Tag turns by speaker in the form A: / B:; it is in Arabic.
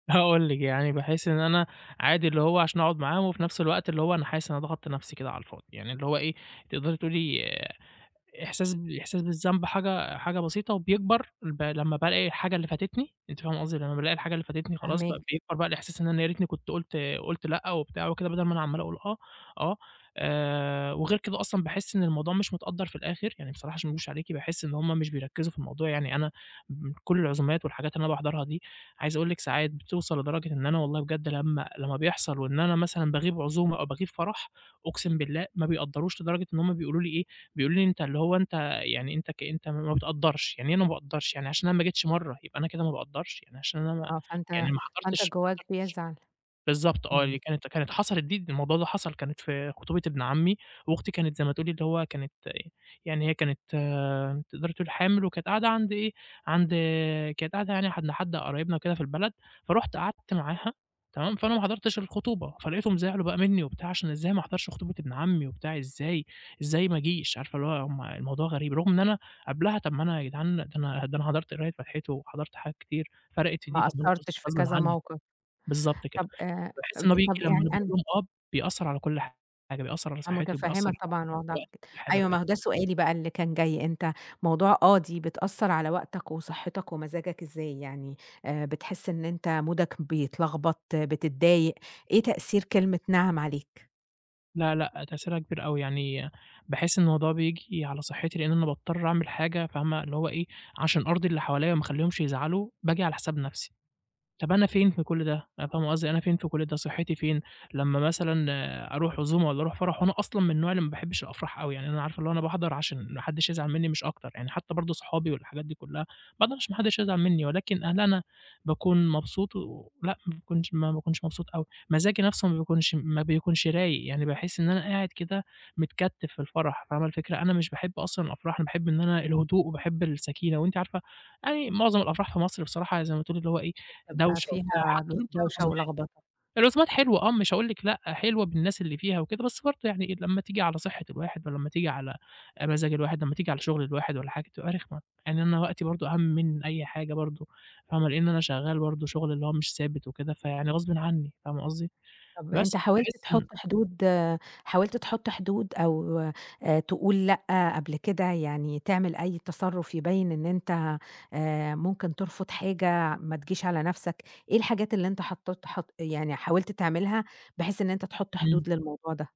A: هاقول لِك، يعني باحس إن أنا عادي، اللي هو عشان اقعُد معاهم وفي نفْس الوقت اللي هو أنا حاسس أنا ضغَطت نفْسي كده على الفاضي، يعني اللي هو إيه، تقدري تقولي إحساس ب إحساس بالذنب حاجة حاجة بسيطة وبيكبر، البا لمّا بالاقي الحاجة اللي فاتتني، أنتِ فاهمة قصدي؟ لمّا بالاقي الحاجة اللي فاتتني، خلاص بقى،
B: فاهماك.
A: بيكبر بقى الإحساس إن أنا يا ريتني كنت قُلت قُلت لأ وبتاع وكده بدل ما أنا عمال اقول آه، آه. آآ وغير كده أصلًا باحس إن الموضوع مش متقدّر في الآخر، يعني بصراحة عشان ما اكدبش عليكِ باحس إن هُم مش بيركّزوا في الموضوع يعني أنا من كلّ العزومات والحاجات اللي أنا باحضرها دي، عايز اقول لِك ساعات بتوصل لدرجة إن أنا والله بجد لمّا لمّا بيحصل وإن أنا مثلًا باغيب عزومة أو باغيب فرح، أقسم بالله ما بيقدّروش، لدرجة إن هُم بيقولوا لي إيه، بيقولوا لي أنت اللي هو أنت يعني أنت كأنتم ما بتقدّرش، يعني إيه أنا ما باقدّرش يعني عشان أنا ما جيتش مَرّة يبقى أنا كده ما باقدّرش! يعني عشان أنا
B: آه،
A: يعني
B: فأنت
A: ما
B: فأنت
A: حضرتش ما
B: جواك
A: حضرتش
B: بيزعل.
A: بالضبط آه، دي
B: إمم.
A: كانت كانت حَصَلِت دي د الموضوع ده حَصَل كانت في خطوبة إبن عمي، وأختي كانت زي ما تقولي اللي هو كانت أ يعني هي كانت تقدري تقولي حامل، وكانت قاعدة عند إيه، عند كانت قاعدة يعني حد لحد قرايبنا وكده في البلد، فرُحت قعدت معاها، تمام، فأنا ما حضرتش الخطوبة، فلقيتهم زعلوا بقى منّي وبتاع عشان إزاي ما احضرش خطوبة إبن عمي وبتاع إزاي؟! إزاي ما اجيش؟! عارفة اللي هو هُم الموضوع غريب، رغم إن أنا قبلها طب ما أنا يا جدعان ده أنا ده أنا حضرت قراية فاتحته وحضرت حاجات كتير، فرَقِت في دي؟
B: ما
A: طب ما هو غص
B: قصّرتش في
A: غصبٍ
B: كذا
A: عنّي،
B: موقف،
A: بالضبط كده،
B: طب آآ،
A: فباحس
B: آمم،
A: إن هو بييجي
B: طب
A: لمّا
B: يعني
A: أنا باقول
B: أنا
A: لهم آه، بيأثّر على كلّ حاجة، بيأثّر على
B: أنا
A: صحّتي وبيأثّر
B: متفهمة
A: على
B: طبعًا وضعك
A: [unintelligible]
B: وكده،
A: حاجة
B: أيوه
A: بجد.
B: ما هو ده سؤالي بقى اللي كان جاي، أنت موضوع آه، دي بتأثّر على وقتك وصحّتك ومزاجك، إزاي؟ يعني آآ بتحس إن أنت مودك بيتلخبط، بتتضايق، إيه تأثير كلمة نعم عليك؟
A: لأ لأ تأثيرها كبير أوي، يعني باحس الموضوع بييجي على صحّتي لإن أنا باضطر اعمل حاجة فاهمة اللي هو إيه، عشان أرضي اللي حواليّا وما اخلّيهمش يزعلوا، باجي على حساب نفْسي، طب أنا فين في كلّ ده؟ يعني فاهمة قصدي، أنا فين في كلّ ده، صحّتي فين؟ لمّا مثلًا أروح عزومة والّا اروح فرح وأنا أصلًا من النوع اللي ما باحبش الأفراح أوي، يعني أنا عارفة اللي هو أنا باحضر عشان ما حدّش يزعل منّي مش أكتر، يعني حتّى برضه صحابي والحاجات دي كلّها ما اقدرش، ما حدّش هيزعل منّي ولكن إن أنا باكون مبسوط و لأ ما باكونش ما باكونش مبسوط أوي، مزاجي نفْسه ما بيكونش ما بيكونش رايق، يعني باحس إن أنا قاعد كده متكتف في الفرح، فاهمة الفكرة؟ أنا مش باحب أصلًا الأفراح، أنا باحب إن أنا الهدوء وباحب السكينة، وأنتِ عارفة يعني معظم الأفراح في مصر بصراحة يعني زي ما تقولي اللي هو إيه،
B: أ بيبقى
A: دوشة وبتاع
B: فيها
A: حتّى
B: ب
A: [unintelligible]
B: دوشة
A: العزومات،
B: ولخبطة.
A: العزومات حلوة آه مش هاقول لِك لأ حلوة بالناس اللي فيها وكده، بس برضه يعني إيه، لمّا تيجي على صحة الواحد ولمّا تيجي على آآ، مزاج الواحد، لمّا تيجي على شغل الواحد والّا حاجة بتبقى رخمة، يعني أنا وقتي برضه أهَم من أي حاجة برضه، فاهمة، لإن أنا شغال برضه شغل اللي هو مش ثابت وكده، فيعني غصبٍ عنّي، فاهمة قصدي؟
B: طب
A: بس،
B: أنت حاولت
A: فباحس إن
B: تحط حدود حاولت تحط حدود أو، آآ تقول لأ قبل كده، يعني تعمل أي تصرُّف يبيّن إن أنت آآ ممكن ترفض حاجة، ما تجيش على نفْسك، إيه الحاجات اللي أنت حطت حط يعني حاولت تعملها، بحيث إن أنت تحط
A: إمم.
B: حدود للموضوع ده؟